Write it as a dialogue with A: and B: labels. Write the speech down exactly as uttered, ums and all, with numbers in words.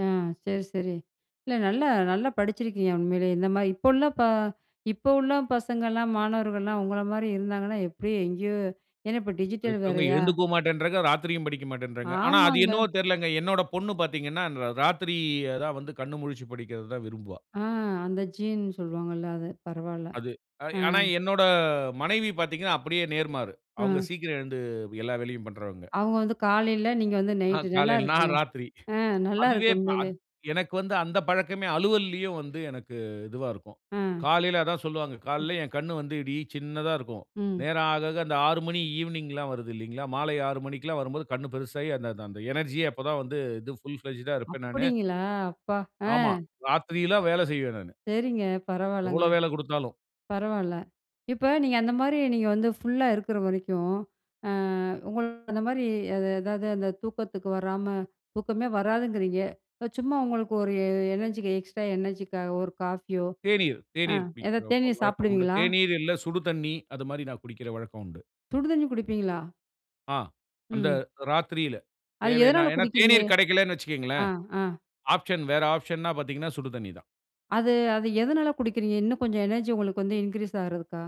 A: ஆ சரி, சரி. இல்ல நல்லா நல்லா படிச்சிருக்கீங்க உண்மையிலேயே. இந்த மாதிரி இப்போ உள்ள பா இப்போ உள்ள பசங்கலாம், மாணவர்கள்லாம் உங்கள மாரி இருந்தாங்கன்னா, எப்படி எங்கேயோ ஏன்னா, இப்ப
B: இப்போ
A: டிஜிட்டல்
B: இருக்குறவங்க
A: வேறையா
B: எழுந்துக்கவும் மாட்டேன்றாங்க, ராத்திரியும் படிக்க மாட்டேன்றாங்க. ஆனா, அது
A: ஆமாங்க.
B: என்னவோ தெரியலங்க, என்னோட பொண்ணு பார்த்தீங்கணா, ர ராத்திரி தான் வந்து கண் முழிச்சு படிக்கிறது தான் விரும்புவா.
A: ஆ அந்த ஜீன் சொல்லுவாங்கள்ல அது, பரவாயில்ல,
B: அது
A: ஆ
B: ஆனா, என்னோட மனைவி பார்த்தீங்கனா அப்படியே நேர்மாறு. அவுங்க
A: ஆ.
B: சீக்கிரம் எழுந்து, எல்லா வேலையும் பண்ணுறவங்க.
A: அவங்க வந்து காலையில, நீங்க வந்து
B: அ
A: நைட்டு,
B: காலையில
A: நல்லாயிருக்குங்க,
B: நான் ராத்திரி.
A: ஆ
B: அதுவே
A: நல்லாயிருக்கு உண்மையிலே.
B: அத் எனக்கு வந்து அந்த பழக்கமே அலுவல்லயும் வந்து எனக்கு இதுவா இருக்கும்.
A: அ.
B: காலையில அதான் சொல்வாங்க, காலையில என் கண் வந்து இடி சின்னதா இருக்கும்.
A: ம்.
B: நேரம் ஆக ஆக அந்த ஆறு மணி ஈவ்னிங்லாம் வருதுல்லீங்கலா, மாலை ஆறு மணிக்குலாம் வரும்போது கண் பெருசாயி, அந்த அந்த எனர்ஜி அப்போதான் வந்து இது புல் பிளெட்ஜ்ட்டா இருப்பேன் நானு.
A: அப்படிங்களா? அப்பா ஆ
B: ஆமா. ராத்திரிலாம் வேலை செய்வேன் நானு.
A: சரிங்க, பரவாயில்லங்க.
B: எவ்வளோ வேலை குடுத்தாலும்
A: பரவாயில்ல. இப்ப நீங்க அந்த மாரி நீங்க வந்து ஃபுல்லா இருக்கிற வரைக்கும், ஆ உங்க அந்த மாதிரி எதாவது அந்த தூக்கத்துக்கு வராம, தூக்கமே வராதுங்கிறீங்க. சும்மா உங்களுக்கு ஒரு எனர்ஜிக்கு, எக்ஸ்ட்ரா எனர்ஜி காக ஒரு காஃபியோ
B: தேநீர்
A: ஆ
B: தேநீர் குடிக்கிற
A: எதாவது தேநீர்
B: வழக்கம் உண்டு,
A: சாப்பிடுவீங்களா?
B: தேநீர் இல்லை சுடு தண்ணீ அது மாரி நான் குடிக்கிற வழக்கம் உண்டு.
A: சுடு தண்ணி குடிப்பீங்களா?
B: ஆ அந்த
A: ம்.
B: ராத்திரியில,
A: அது
B: தேவைனா.
A: எதனால
B: ஏனா
A: குடிக்கிறீங்க?
B: தேநீர் கிடைக்கலனு
A: ஆ
B: வச்சுக்கோங்களேன்,
A: ஆ.
B: ஆப்ஷன் வேற ஆப்ஷன் ந பார்த்தீங்கனா சுடு தண்ணீ தான்.
A: அது அது எதனால குடிக்கிறீங்க? இன்னும் கொஞ்சம் எனர்ஜி உங்களுக்கு வந்து இன்கிரீஸ் ஆகுறதுக்கா?